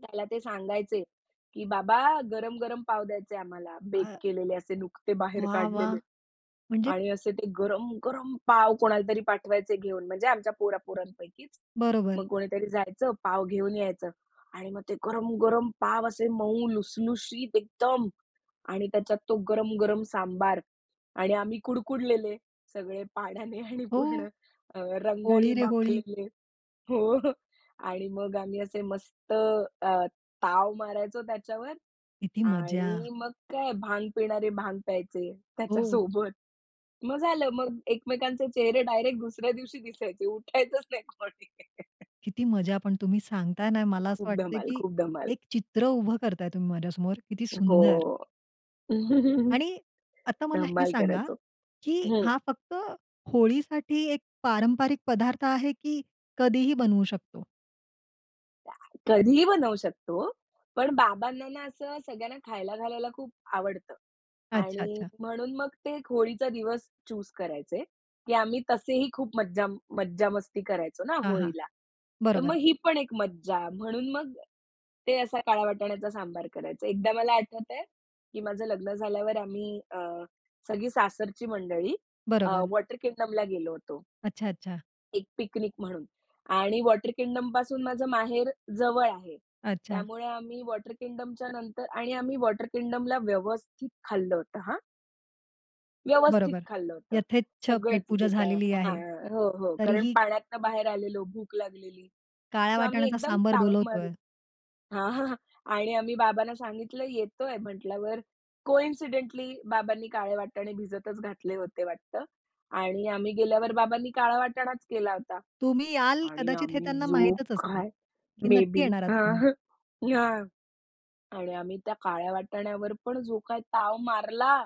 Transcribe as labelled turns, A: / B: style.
A: त्याला ते सांगायचे. की बाबा गरम-गरम पाव द्यायचंय आम्हाला बेक
B: अ.
A: केलेले असे नुकते बाहेर
B: वाह! वाह!
A: काढलेले.
B: म्हणजे.
A: आणि असे ते गरम-गरम पाव कोणालातरी पाठवायचे घेऊन म्हणजे आमच्या पोरा पोरांपैकीच.
B: बरोबर.
A: मग कोणीतरी जायचं पाव घेऊन यायचं. आणि मग ते गरम-गरम पाव असे मऊ लुसलुशीत एकदम आणि त्याच्यात तो गरम-गरम सांबार. आणि आम्ही कुडकुडलेले सगळे पाण्याने आणि
B: हो.
A: पूर्ण अ, रंगाने
B: होळी रे होळी.
A: माखलेले हो आणि मग आम्ही असे मस्त अ, ताव मारायचो त्याच्यावर
B: किती मजा.
A: आणि मग काय? भांग पिणारे भांग प्यायचे
B: हो.
A: त्याच्यासोबत. मग झालं मग एकमेकांचे चेहरे डायरेक्ट दुसऱ्या दिवशी दिसायचे. उठायचंच नाही कोणी.
B: किती मजा पण तुम्ही सांगताय ना मला असं
A: खूप
B: वाटतंय,
A: धमाल.
B: की
A: खूप धमाल.
B: एक चित्र उभं करताय तुम्ही माझ्यासमोर किती
A: हो.
B: सुंदर. आणि आता मला हे
A: धमाल
B: सांगा,
A: करायचो.
B: की
A: हं.
B: हा फक्त होळीसाठी एक पारंपरिक पदार्थ आहे, की कधीही बनवू शकतो?
A: [unintelligible] कधीही बनवू शकतो, पण बाबांना ना, असं सगळ्यांना खायला घालायला खूप आवडतं.
B: अच्छा,
A: आणि
B: अच्छा.
A: म्हणून मग ते एक होळीचा दिवस चूज़ करायचे. की आम्ही तसेही खूप मज्जा मज्जा मस्ती करायचो ना
B: हां, हां.
A: होळीला. तर मग
B: बरोबर.
A: ही पण एक मज्जा, म्हणून मग ते असा काळ वाटाण्याचा सांबार करायचे. एकदा मला आठवत आहे, की माझं लग्न झाल्यावर आम्ही अ, सगळी सासरची मंडळी अ,
B: बरोबर.
A: वॉटर किंगडमला गेलो होतो.
B: अच्छा, अच्छा.
A: एक पिकनिक म्हणून. आणि वॉटर किंगडम पासून माझं माहेर जवळ आहे.
B: अच्छा.
A: त्यामुळे आम्ही वॉटर किंगडमच्या नंतर आणि आम्ही वॉटर किंगडमला व्यवस्थित खाल्लं होतं हां. व्यवस्थित
B: बरोबर
A: खाल्लं होतं.
B: यथेच्छ पेट
A: सगळंच
B: पूजा
A: जे काय
B: झालेली
A: आहे
B: आहे.
A: हां, हो, हो. कारण
B: तरीही
A: पाण्यातनं बाहेर आलेलो भूक लागलेली.
B: काळ्या
A: सो आम्ही
B: वाटाणाचा
A: एकदम
B: सांबर
A: ताव
B: बोलवतोय.
A: मारून हां, हां. आणि आम्ही बाबांना सांगितलं येतोय म्हंटल्यावर कोइन्सिडेंटली बाबांनी काळे वाटाणे भिजतच घातले होते वाटतं. आणि आम्ही गेल्यावर बाबांनी काळा वाटाणाच केला होता.
B: तुम्ही याल
A: आणि
B: कदाचित हे
A: आम्ही
B: त्यांना
A: जो
B: माहितच असेल.
A: काय
B: की
A: मे
B: नक्की
A: बी
B: येणार आहात
A: हां,
B: तुम्ही.
A: हां. ना आणि आम्ही त्या काळ्या वाटाण्यावर पण जो काही ताव मारला.